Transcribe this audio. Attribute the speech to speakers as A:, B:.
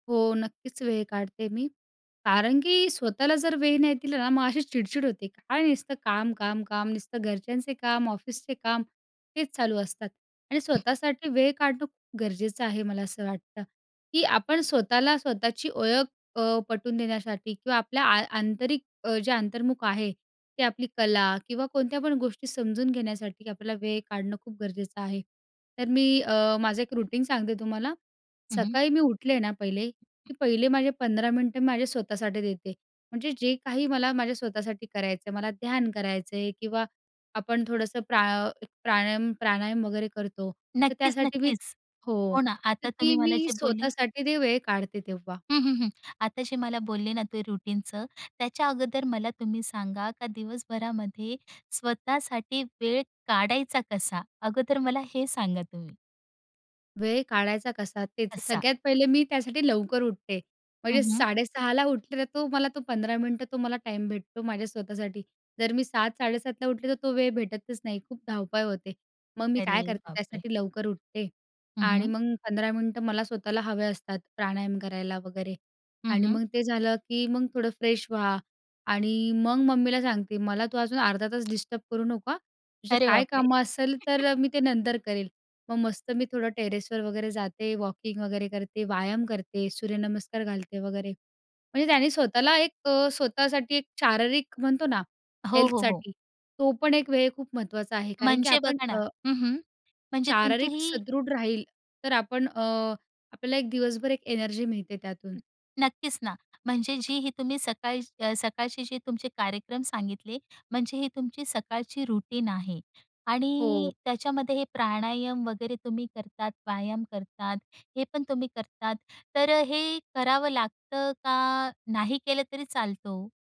A: हो. नक्कीच वेळ काढते मी. कारण की स्वतःला जर वेळ नाही दिला ना, मग अशी चिडचिड होते. काय नुसतं काम, काम, काम. नुसतं घरच्यांचे काम ऑफिसचे काम हेच चालू असतात. आणि स्वतःसाठी वेळ काढणं खूप गरजेचं आहे मला असं वाटतं. की आपण स्वतःला स्वतःची ओळख अ, पटवून देण्यासाठी किंवा आपल्या आ आंतरिक अ, जे अंतर्मुख आहे ते आपली कला किंवा कोणत्या पण गोष्टी समजून घेण्यासाठी आपल्याला वेळ काढणं खूप गरजेचं आहे. तर मी अ, माझं एक रूटीन सांगते तुम्हाला.
B: हं, हं.
A: सकाळी मी उठले ना पहिले, की पहिले माझे 15 मिनिटं माझे स्वतःसाठी देते. म्हणजे जे काही मला माझ्या स्वतःसाठी करायचं आहे. मला ध्यान करायचं आहे किंवा आपण थोडंसं प्रा प्राणायाम प्राणायाम वगैरे करतो. तर
B: नक्कीच,
A: त्यासाठी मी
B: नक्कीच.
A: हो,
B: हो ना.
A: तर
B: आता
A: ती
B: तुम्ही मला
A: मी
B: जे बोलले
A: स्वतःसाठी ते वेळ काढते तेव्हा.
B: हं, हं, हं. आता जे मला बोलले ना ते रुटीनचं, त्याच्या अगोदर मला तुम्ही सांगा का दिवसभरामध्ये स्वतःसाठी वेळ काढायचा कसा? अगोदर मला हे सांगा तुम्ही.
A: वेळ काढायचा कसा तेच.
B: असा.
A: सगळ्यात पहिले मी त्यासाठी लवकर उठते.
B: हं,
A: म्हणजे
B: हं.
A: 6:30 ला उठले, तर तो मला तो 15 मिनिटं तो मला टाईम भेटतो माझ्या स्वतःसाठी. जर मी 7:00-7:30 ला उठले तर तो वेळ भेटतच नाही. खूप धावपळ होते. मग मी
B: अरे,
A: काय करते
B: बापरे!
A: त्यासाठी लवकर उठते
B: हं,
A: आणि
B: हं.
A: मग 15 मिनिटं मला स्वतःला हवे असतात प्राणायाम करायला वगैरे.
B: हं,
A: आणि
B: हं.
A: मग ते झालं, की मग थोडं फ्रेश व्हा आणि मग मम्मीला सांगते, "मला तू अजून अर्धा तास डिस्टर्ब करू नको हां, तुझं
B: अरे,
A: काय
B: बापरे!
A: कामं असेल, तर मी ते नंतर करेल." मग मस्त मी थोडं टेरेसवर वगैरे जाते, वॉकिंग वगैरे करते. व्यायाम करते, सूर्यनमस्कार घालते वगैरे. म्हणजे त्याने स्वतःला एक स्वतःसाठी एक शारीरिक म्हणतो ना
B: हो, हो, हो.
A: हेल्थसाठी, तो पण एक वेळ खूप महत्त्वाचा आहे. कारण की
B: म्हणजे
A: आपण
B: बघा ना
A: अ
B: हं, हं. म्हणजे तुमची
A: शारीरिक
B: ही
A: सदृढ राहील तर आपण अ, आपल्याला एक दिवसभर एक एनर्जी मिळते त्यातून.
B: नक्कीच ना. म्हणजे जी ही तुम्ही सकाळ सकाळचे जे तुमचे कार्यक्रम सांगितले. म्हणजे ही तुमची सकाळची रुटीन आहे
A: हो.
B: आणि त्याच्यामध्ये हे प्राणायाम वगैरे तुम्ही करतात, व्यायाम करतात, हे पण तुम्ही करतात, तर अ, हे करावं लागतं का नाही केलं तरी चालतं हो?